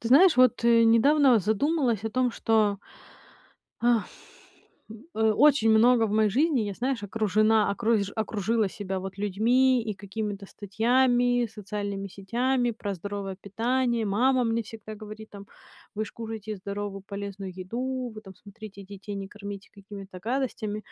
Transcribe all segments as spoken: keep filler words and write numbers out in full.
Ты знаешь, вот и недавно задумалась о том, что, а, м, очень очень много в моей жизни, я, знаешь, окружена, окруж окружила себя, вот, людьми и какими-то статьями, социальными сетями про здоровое питание. Мама мне всегда говорит, там: "Вы ж кушайте здоровую, полезную еду. Вы там, смотрите, детей не кормите какими-то гадостями".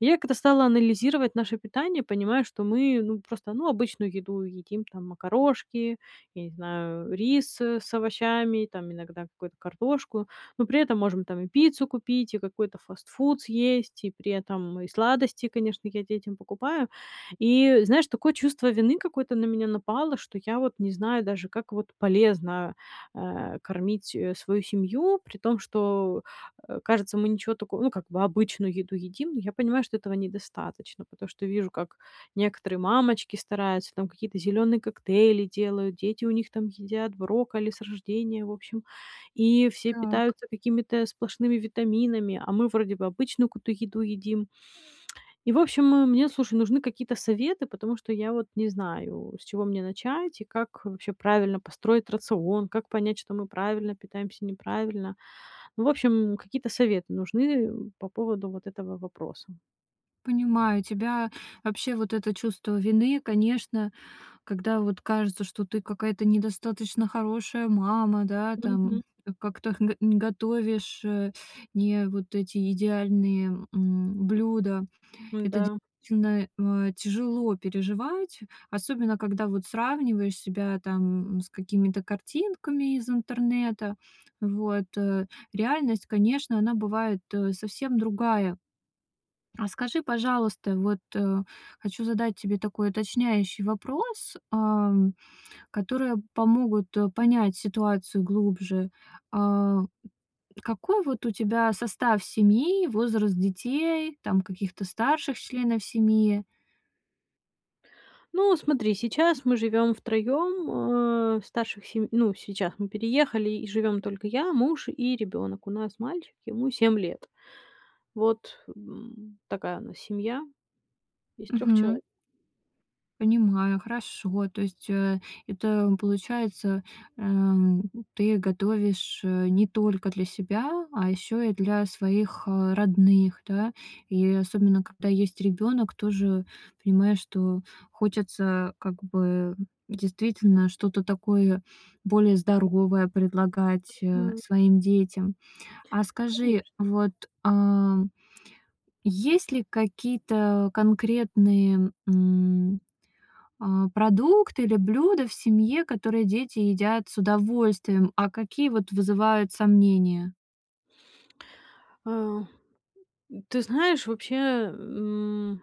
Я когда стала анализировать наше питание, понимаю, что мы, ну просто, ну, обычную еду едим, там: макарошки, я не знаю, э, рис, э, с овощами, там, иногда какую-то картошку. Но при этом можем там и пиццу купить, и какой-то фастфуд съесть, и при этом и сладости, конечно, я детям покупаю. И, знаешь, такое чувство вины какое-то на меня напало, что я вот не знаю даже, как вот полезно, а, кормить, э, свою семью, при том, что, э, кажется, мы ничего тако ну, как бы обычную еду едим, но я понимаю, что этого недостаточно. Потому что вижу, как некоторые мамочки стараются, там, какие-то зелёные коктейли делают, дети у них там едят брокколи с рождения, в общем. И все Так. питаются какими-то сплошными витаминами, а мы вроде бы обычную какую-то еду едим. И в общем, м, мне, слушай, нужны какие-то советы, потому что я вот не знаю, с чего мне начать и как, э, вообще правильно построить рацион? Как понять, что мы правильно питаемся, неправильно? Ну, в общем, какие-то советы нужны, э, по поводу вот этого вопроса. Понимаю тебя. Вообще вот это чувство вины, конечно, когда вот кажется, что ты какая-то недостаточно хорошая мама, да, там. Мгм. К как-то х не готовишь, э, не вот эти идеальные, м, блюда. Это Н-да. действительно, э, тяжело переживать, особенно когда вот сравниваешь себя, там, с какими-то картинками из интернета. Вот, э. Реальность, конечно, она бывает, э, совсем другая. А скажи, пожалуйста, вот, хочу задать тебе такой уточняющий вопрос, ам, которые помогут, э, понять ситуацию глубже. А, какой вот у тебя состав семьи, возраст детей, там, каких-то старших членов семьи? Ну, смотри, сейчас мы живем втроем. Э, старших сей ну, сейчас мы переехали и живем только я, муж и ребенок. У нас мальчик, ему семь лет. Вот, м, такая у нас семья из трех Мгм. человек. Понимаю, хорошо. То есть, э, это получается, э, м, ты готовишь, э, не только для себя, а еще и для своих, э, родных, да. И особенно, когда есть ребенок, тоже понимаешь, что хочется как бы действительно что-то такое более здоровое предлагать, э, Мгм. своим детям. А скажи, Конечно. вот, а, есть ли какие-то конкретные, м, а, продукты или блюда в семье, которые дети едят с удовольствием, а какие вот вызывают сомнения? Э, ты знаешь, вообще, м,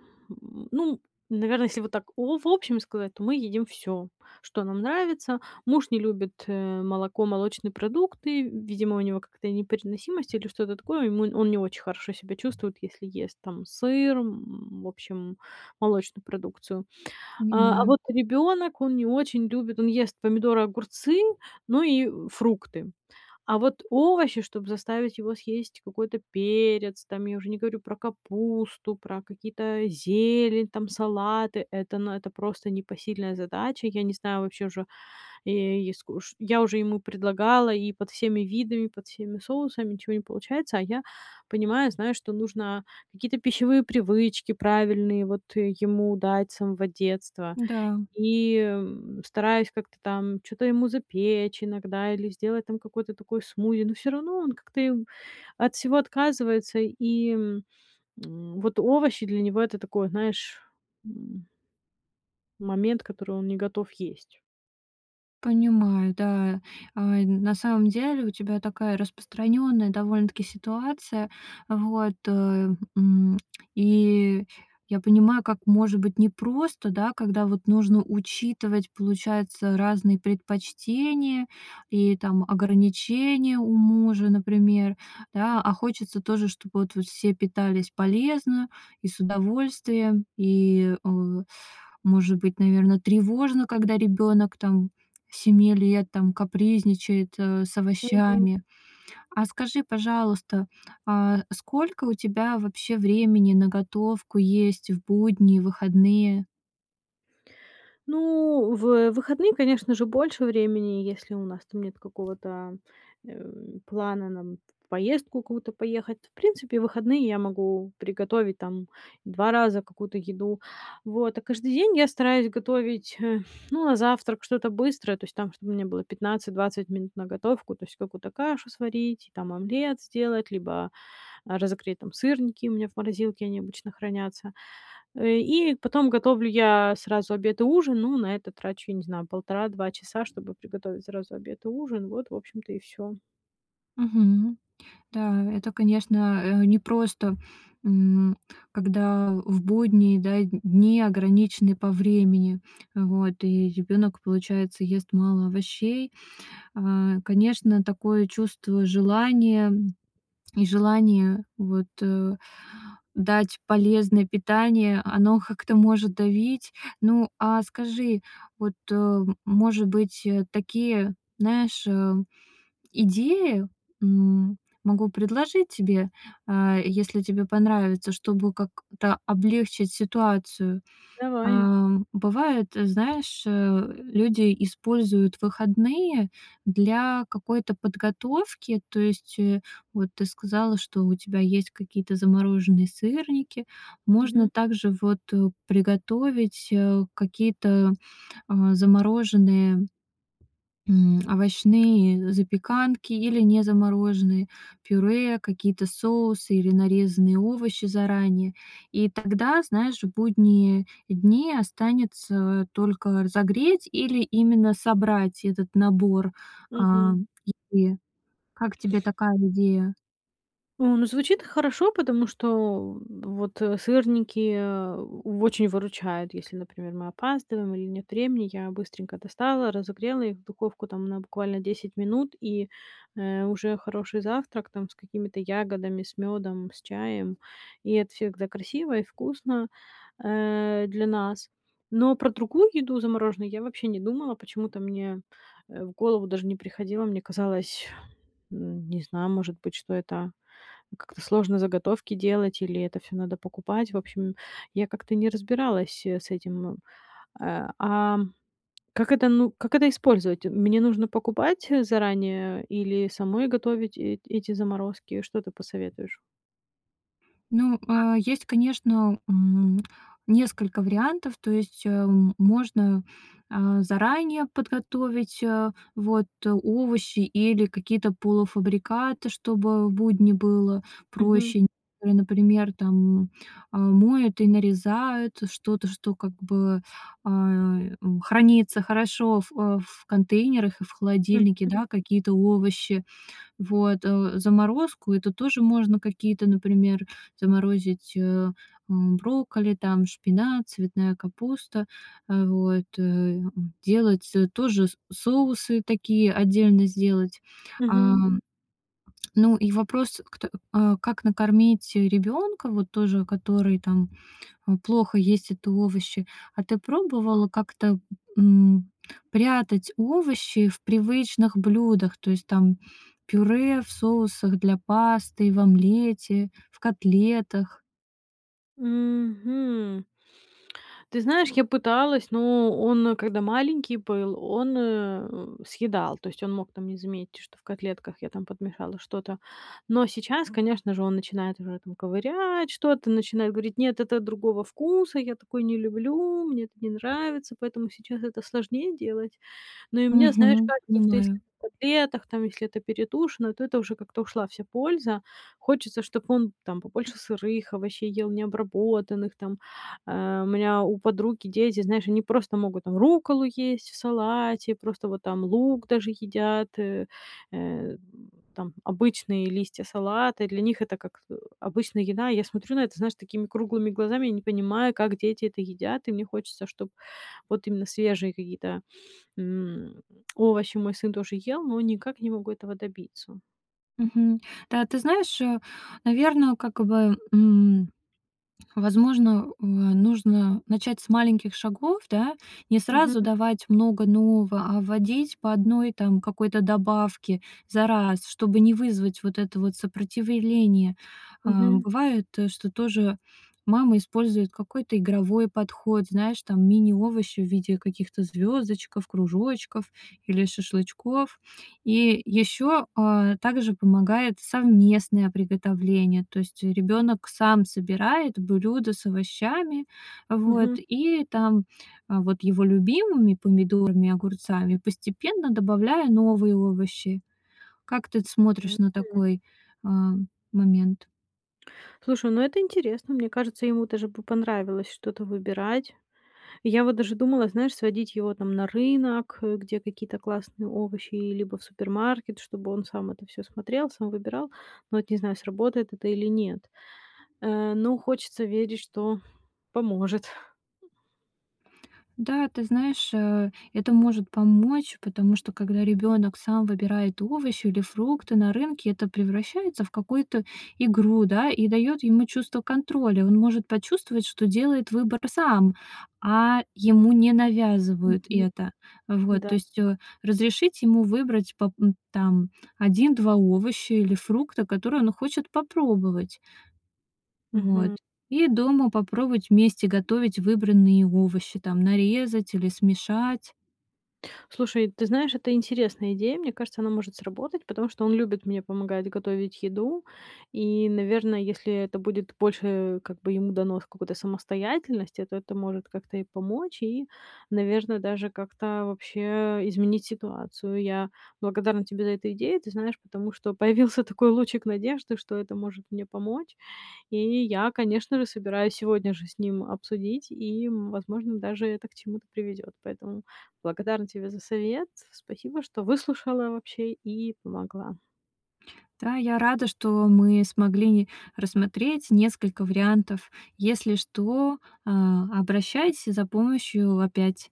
ну, наверно, если вот так о в общем сказать, то мы едим всё, что нам нравится. Муж не любит, э, молоко, молочные продукты. Видимо, у него какая-то непереносимость или что-то такое. Ему он не очень хорошо себя чувствует, если ест, там, сыр, м, в общем, молочную продукцию. А а Понимаю. вот ребенок- он не очень любит он ест помидоры, огурцы, ну и фрукты. А вот овощи, чтоб заставить его съесть какой-то перец, там, я уже не говорю про капусту, про какие-то зелень, там, салаты- это, ну, это просто непосильная задача. Я не знаю вообще уже, е и скуш я уже ему предлагала и под всеми видами, под всеми соусами- ничего не получается, а я понимаю, знаю, что нужно какие-то пищевые привычки правильные, вот, э, ему дать с самого детства. Да. И стараюсь как-то там чё-то ему запечь иногда или сделать там какой-то такой смузи, но всё равно он как-то, э, от всего отказывается. И, м, вот овощи для него- это такой, знаешь, м момент, который он не готов есть. Понимаю, да. А, на самом деле у тебя такая распространенная, довольно-таки, ситуация. Вот, э, м, и я понимаю, как может быть непросто, да, когда вот нужно учитывать, получается, разные предпочтения и, там, ограничения у мужа, например. Да, а хочется тоже, чтобы вот все питались полезно и с удовольствием, и, э, может быть, наверно, тревожно, когда ребенок, там, семи лет, там, капризничает, э, с Мгм. овощами. А скажи, пожалуйста, а, сколько у тебя вообще времени на готовку есть в будние, выходные? Ну, в выходные, конечно же, больше времени, если у нас там нет какого-то, э, плана, нам, в поездку какую-то поехать. В принципе, в выходные я могу приготовить, там, два раза какую-то еду. Вот, а каждый день я стараюсь готовить, э, ну, на завтрак что-то быстрое, то есть, там, чтобы у меня было пятнадцать двадцать минут на готовку, то есть какую-то кашу сварить, там, омлет сделать, либо, а, разогреть там сырники, у меня в морозилке они обычно хранятся. Э, и потом готовлю я сразу обед и ужин. Ну, на это трачу, я не знаю, полтора два часа, чтобы приготовить сразу обед и ужин. Вот, в общем-то, и всё. Мгм. Да, это, конечно, э, непросто, м, когда в будние, да, дни ограничены по времени. Вот, и ребенок, получается, ест мало овощей. Э, конечно, такое чувство желания, и желание, вот, э, дать полезное питание, оно как-то может давить. Ну, а скажи, вот, э, может быть, э, такие, знаешь, э, идеи, м, могу предложить тебе, э, если тебе понравится, чтобы как-то облегчить ситуацию. Давай. Э, бывает, знаешь, э, люди используют выходные для какой-то подготовки. То есть, э, вот ты сказала, что у тебя есть какие-то замороженные сырники. Можно Мгм. также вот, э, приготовить, э, какие-то, э, замороженные, м, овощные запеканки или не замороженные пюре, какие-то соусы или нарезанные овощи заранее. И тогда, знаешь, в будние дни останется только разогреть или именно собрать этот набор, э, Мгм. м, и как тебе такая идея? О, ну, звучит хорошо, потому что, о вот, сырники, э, очень выручают, если, например, мы опаздываем или нет времени. Я быстренько достала, разогрела их, в духовку, там, на буквально десять минут, и, э, уже хороший завтрак, там, с какими-то ягодами, с мёдом, с чаем. И от всех, да, красиво и вкусно, э, для нас. Но про другую еду замороженную я вообще не думала. Почему-то мне, э, в голову даже не приходило. Мне казалось, м, не знаю, может быть, что это как-то сложно заготовки делать или это всё надо покупать. В общем, я как-то не разбиралась, э, с этим. Э, а как это, ну, как это использовать? Мне нужно покупать заранее или самой готовить э эти заморозки? Что ты посоветуешь? Ну, а, есть, конечно, м, несколько вариантов. То есть, э, можно, э, заранее подготовить, э, вот овощи или какие-то полуфабрикаты, чтобы будни было Мгм. проще. Которые, например, там, э, моют и нарезают что-то, что, как бы, э, хранится хорошо в э, в контейнерах и в Мгм. холодильнике, да, какие-то овощи. Вот, э, заморозку- это тоже можно какие-то, например, заморозить, э, брокколи, там, шпинат, цветная капуста. Э, вот, э, м, делать, э, тоже с соусы такие, отдельно сделать. А, Мгм. ну и вопрос, кт э, как накормить ребенка, вот тоже, который, там, плохо есть это овощи. А ты пробовала как-то, м, прятать овощи в привычных блюдах? То есть, там, пюре, в соусах для пасты, в омлете, в котлетах? Мгм. Ты знаешь, я пыталась, но он, когда маленький был, он, э, съедал. То есть он мог там не заметить, что в котлетках я там подмешала что-то. Но сейчас, конечно же, он начинает уже там ковырять что-то, начинает говорить: "Нет, это другого вкуса, я такое не люблю, мне это не нравится". Поэтому сейчас это сложнее делать. Но и мне, знаешь, Мгм, кажется, что если понимаю. в котлетах, там, если это перетушено, то это уже как-то ушла вся польза. Хочется, чтоб он там побольше сырых овощей ел, необработанных там. Э, у меня у подруги дети, знаешь, они просто могут, там, рукколу есть в салате, просто вот там лук даже едят, э, э, там, обычные листья салата. Для них это как обычная еда. Я смотрю на это, знаешь, такими круглыми глазами, я не понимаю, как дети это едят, и мне хочется, чтоб вот именно свежие какие-то, м, овощи мой сын тоже ел, но никак не могу этого добиться. Мгм. Да, ты знаешь, э, наверно, как бы, м, возможно, у, а, нужно начать с маленьких шагов, да? Не Мгм. сразу давать много нового, а вводить по одной, там, какой-то добавке за раз, чтобы не вызвать вот это вот сопротивление. Э, Мгм. бывает, что тоже мама использует какой-то игровой подход, знаешь, там, мини-овощи в виде каких-то звёздочков, кружочков или шашлычков. И ещё, э, также помогает совместное приготовление. То есть, э, ребёнок сам собирает блюдо с овощами, вот, Мгм. и там, вот его любимыми- помидорами, огурцами- постепенно добавляя новые овощи. Как ты смотришь на [unintelligible] такой, э, момент? Слушай, ну это интересно. Мне кажется, ему даже бы понравилось что-то выбирать. Я вот даже думала, знаешь, сводить его, там, на рынок, э, где какие-то классные овощи, либо в супермаркет, чтобы он сам это всё смотрел, сам выбирал. Но вот не знаю, сработает это или нет. Э, но хочется верить, что поможет. Да, ты знаешь, э, это может помочь, потому что когда ребёнок сам выбирает овощи или фрукты на рынке, это превращается в какую-то игру, да, и даёт ему чувство контроля. Он может почувствовать, что делает выбор сам, а ему не навязывают Мгм. это. Вот, Да. то есть, э, разрешить ему выбрать поп м, там, один два овоща или фрукта, которые он хочет попробовать. Вот, Мгм. и дома попробовать вместе готовить выбранные им овощи, там, нарезать или смешать. Слушай, ты знаешь, это интересная идея. Мне кажется, она может сработать, потому что он любит мне помогать готовить еду. И, наверное, если это будет больше, как бы, ему дано сколько-то самостоятельности, то это может как-то и помочь, и, наверное, даже как-то вообще изменить ситуацию. Я благодарна тебе за эту идею, ты знаешь, потому что появился такой лучик надежды, что это может мне помочь. И я, конечно же, собираюсь сегодня же с ним обсудить и, м, возможно, даже это к чему-то приведёт. Поэтому благодарна тебе за совет. С спасибо, что выслушала вообще и помогла. Да, я рада, что мы смогли ни рассмотреть несколько вариантов. Если что, а, обращайся за помощью опять.